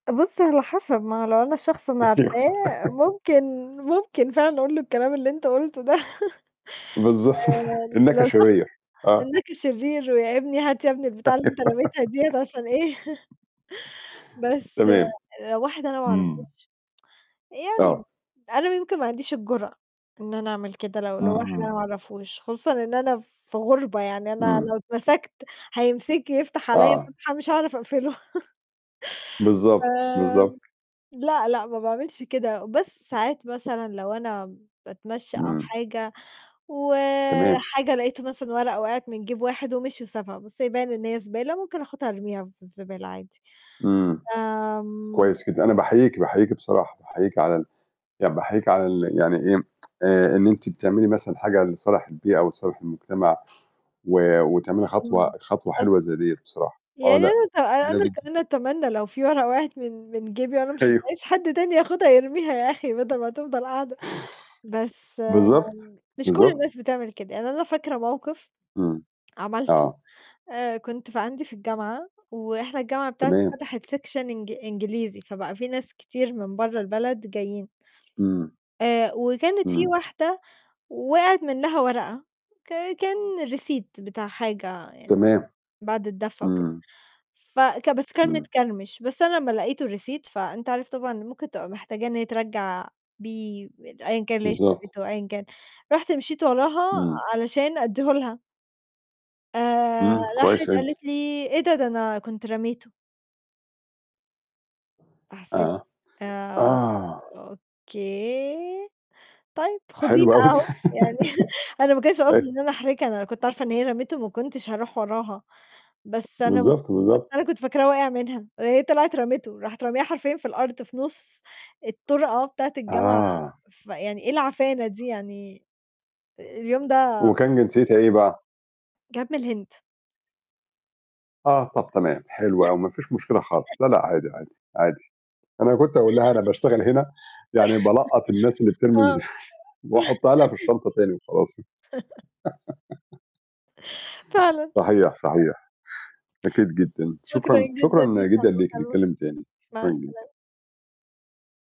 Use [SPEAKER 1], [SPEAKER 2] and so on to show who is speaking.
[SPEAKER 1] بَص، على حَسَب ما لو أنا شخص أنا
[SPEAKER 2] صحيح.
[SPEAKER 1] عارفاه ممكن ممكن فعلًا أقول له الكلام اللي أنت قُلته ده
[SPEAKER 2] بالضب
[SPEAKER 1] آآ،
[SPEAKER 2] "إنّك
[SPEAKER 1] لو شخص
[SPEAKER 2] شرير." آه.
[SPEAKER 1] "إنّك شرير، ويا ابني هات يا ابني البتاعة اللي أنت لابسها ديّة." عشان إيه بس
[SPEAKER 2] تمام.
[SPEAKER 1] آآ، واحد أنا ما
[SPEAKER 2] إمم.
[SPEAKER 1] أعرفوش، يعني
[SPEAKER 2] آه.
[SPEAKER 1] أنا يمكن ما عنديش الجُرأة إن أنا أعمل كده، لو لواحد أنا
[SPEAKER 2] اهم.
[SPEAKER 1] ما أعرفوش، خصوصًا إن أنا في غُربة، يعني أنا
[SPEAKER 2] إمم.
[SPEAKER 1] لو اتمسكت، هيمسكني يفتح عليّا
[SPEAKER 2] آه.
[SPEAKER 1] فتحة مش هعرف أقفله.
[SPEAKER 2] بالضبط، بالضبط.
[SPEAKER 1] آمم لأ، لأ، ما باعملش كده، بس ساعات مثلًا لو أنا باتمشّي أو
[SPEAKER 2] إمم.
[SPEAKER 1] حاجة،
[SPEAKER 2] تمام.
[SPEAKER 1] وحاجة لقيت مثلًا ورقة وقعِت من جَيب واحد، ومشي وسابها، بس يبان إن هي زبالة، ممكن آخُدها أرميها في الزبالة عادي.
[SPEAKER 2] إمم.
[SPEAKER 1] آمم
[SPEAKER 2] كويس جدًا، أنا باحييكِ، باحييك بصراحة، باحييكِ على ال يعني باحييكِ على ال يعني إيه آآ، إن أنتِ بتعملي مثلًا حاجة، لصالح البيئة، وصالح المجتمع و وتعملي خطوة
[SPEAKER 1] إمم.
[SPEAKER 2] خطوة
[SPEAKER 1] أص
[SPEAKER 2] حلوة زَي ديّة بصراحة، آه،
[SPEAKER 1] يعني
[SPEAKER 2] لأ،
[SPEAKER 1] أنا ت
[SPEAKER 2] جميلة
[SPEAKER 1] أنا
[SPEAKER 2] جدًا.
[SPEAKER 1] أنا أتمنى لو في ورقة وقعِت من من جَيبي وأنا ما
[SPEAKER 2] أيوه.
[SPEAKER 1] شُفتهاش، حد تاني ياخدها يرميها، يا أخي بَدَل ما تفضل قاعدة، بس آآ
[SPEAKER 2] بالضبط،
[SPEAKER 1] مش كلّ
[SPEAKER 2] بالضبط.
[SPEAKER 1] الناس بتعمل كده. يعني أنا فاكرة مَوقِف
[SPEAKER 2] إمم،
[SPEAKER 1] عملته،
[SPEAKER 2] آه.
[SPEAKER 1] آآ، كنت في عندي في الجامعة، وإحنا الجامعة بتاعتي
[SPEAKER 2] تمام.
[SPEAKER 1] فتحت section إنج إنجليزي، فبقى في ناس كتير من برّا البلد جايين،
[SPEAKER 2] إمم.
[SPEAKER 1] آآ، وكانت في
[SPEAKER 2] إمم.
[SPEAKER 1] واحدة وقعِت منّها ورقة ك كان Receipt بتاع حاجة يعني
[SPEAKER 2] تمام.
[SPEAKER 1] بعد الدفع وكده.
[SPEAKER 2] إمم.
[SPEAKER 1] فك بس كان
[SPEAKER 2] إمم.
[SPEAKER 1] متكرمش، بس أنا لمّا لقيت الReceipt، فأنت عارف طبعًا ممكن تبقى محتاجة إن هي ترجّع بيه، أيًا كان اللي هي
[SPEAKER 2] بالضبط.
[SPEAKER 1] اشترته، أيًا كان. رُحت مشيت وراها،
[SPEAKER 2] إمم.
[SPEAKER 1] علشان أدّيه لها. آآ
[SPEAKER 2] إمم
[SPEAKER 1] راحت
[SPEAKER 2] كويس ع أنت
[SPEAKER 1] قالت لي: "إيه ده؟ ده أنا كنت رميته." حسّيت
[SPEAKER 2] آه،
[SPEAKER 1] آآ،
[SPEAKER 2] آه.
[SPEAKER 1] "أوكي، طيب خديه
[SPEAKER 2] حلو
[SPEAKER 1] بقى
[SPEAKER 2] أوي.
[SPEAKER 1] أهو." يعني أنا ما كانش قصدي إن أنا أحرجها، أنا لو كنت عارفة إن هي رميته،
[SPEAKER 2] [unintelligible]
[SPEAKER 1] ما كنتش هاروح وراها، بس أنا ما ك
[SPEAKER 2] بالضبط،
[SPEAKER 1] بس
[SPEAKER 2] بالضبط.
[SPEAKER 1] أنا كنت فاكراه وَاقِع منها، هي طلعِت رمته، راحت رامياها حرفيًا في الأرض، في نُص الطرقة بتاعة الجامعة
[SPEAKER 2] آه.
[SPEAKER 1] فيعني إيه العفانة دي؟ يعني اليوم ده
[SPEAKER 2] وكان جنسيّتها إيه بقى؟
[SPEAKER 1] كانت من الهند.
[SPEAKER 2] آه، طَب تمام، حلو أوي، ما فيش مشكلة خالص، لأ، لأ، عادي، عادي، عادي، أنا كنت هاقول لها أنا باشتغل هنا، يعني بالقّط الناس اللي بترمي الز
[SPEAKER 1] آه.
[SPEAKER 2] وأحطّها لها في الشنطة تاني، وخلاص ي
[SPEAKER 1] فعلًا.
[SPEAKER 2] صحيح، صحيح. أكيد جدًا،
[SPEAKER 1] شكرًا
[SPEAKER 2] شكرًا
[SPEAKER 1] جدًا
[SPEAKER 2] شكرًا
[SPEAKER 1] ليك على
[SPEAKER 2] جدًا ليكِ،
[SPEAKER 1] المكالمة،
[SPEAKER 2] نتكلِّم تاني.
[SPEAKER 1] مع
[SPEAKER 2] شكرًا جدًا.
[SPEAKER 1] السلامة.